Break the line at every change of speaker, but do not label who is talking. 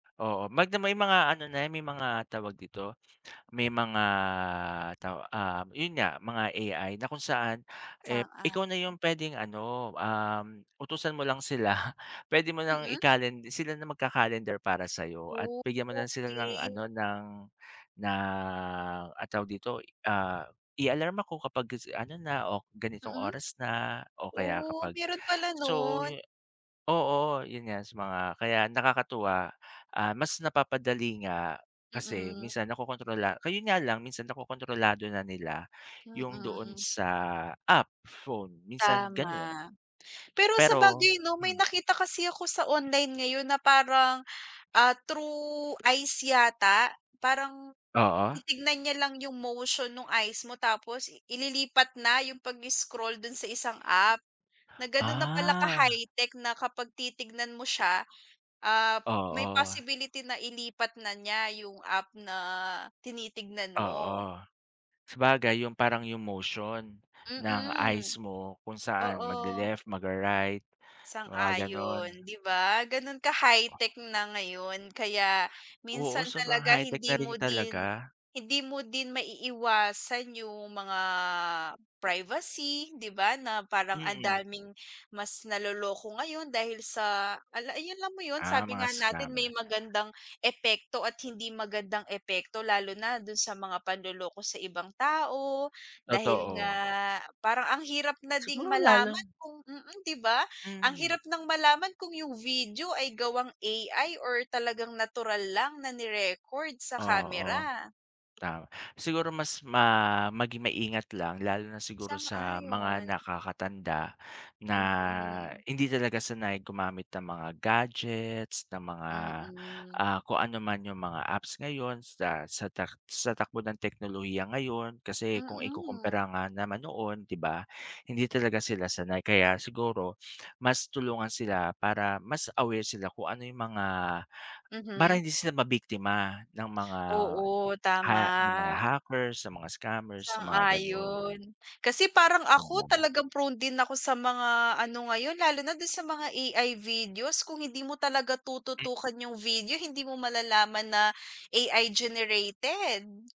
Oo, mag na may mga ano na yan, may mga tawag dito, may mga taw ah, yun nga mga AI na kung saan, eh, ikaw na
Sang-ayon.
yung pwedeng ano, um, utusan mo lang sila, pwede mo nang
Mm.
ikalen sila na magka-calendar para sa'yo at
Oh,
bigyan mo lang sila ng ano
okey.
ng na, ano tawag dito, ah, i-alarm ako kapag gisi ano na o ganitong
Mm.
oras na o
Mm.
kaya
Oh,
kapag
meron pala
so
nun.
yu oo, yun nga sa mga kaya nakakatuwa, ah, mas napapadali nga kasi
Mm.
minsan nakokontrola ka-yun nga lang minsan, nakokontrolado na nila yung doon
Mhm.
sa app phone minsan ganun,
Tama. Pero
pero,
sabagay no may
hmm
nakita kasi ako sa online ngayon na parang, ah, through eyes yata. Parang
Oo.
titignan niya lang yung motion nung eyes mo tapos ililipat na yung pag-scroll dun sa isang app. Na ganun na pala
Ah.
ka-high-tech na kapag titignan mo siya, ah, may
Oo.
possibility na ilipat na niya yung app na tinitignan mo.
Oo, sabagay yung parang yung motion ng
Mm.
eyes mo kung saan
Oo.
magle-left, magre-right mga ganun.
Sang-ayon, di ba ganun ka high-tech na ngayon. Kaya
Oo,
minsan
sobrang
talaga
high-tech
hindi
na
mo
rin
din
talaga.
hindi mo din maiiwasan yung mga privacy di ba, na parang ang
Mm.
daming mas naloloko ngayon dahil sa ala yun alam mo yun
Ah,
sabi
mga
nga natin
scammer.
may magandang epekto at hindi magandang epekto lalo na dun sa mga panloloko sa ibang tao dahil nga
Totoo.
parang ang hirap na ding
Siguro lalo
malaman kung mm, di ba? Ang
Mhm.
hirap nang malaman kung yung video ay gawang AI or talagang natural lang na ni-record sa
Oo,
camera.
ta siguro mas ma maging maingat lang lalo na siguro sa mga
Sang-ayon.
nakakatanda na
Mhm.
hindi talaga sanay gumamit ng mga gadgets, ng mga,
Mm.
ah, kung ano man yung mga apps ngayon sa sa tak sa takbo ng teknolohiya ngayon. Kasi kung
Mm.
ikukumpara nga naman noon di ba, hindi talaga sila sanay. Kaya siguro mas tulungan sila para mas aware sila kung ano yung mga para
Mhm.
hindi sila mabiktima ng mga
Oo,
ha ng mga
tama.
hackers, sa mga scammers sa mga ganun.
Sang-ayon. Kasi parang
Wag
ako
muna.
talagang prone din ako sa mga ano ngayon lalo na dun sa mga AI videos kung hindi mo talaga
Hmm.
tututukan yung video, hindi mo malalaman na AI generated.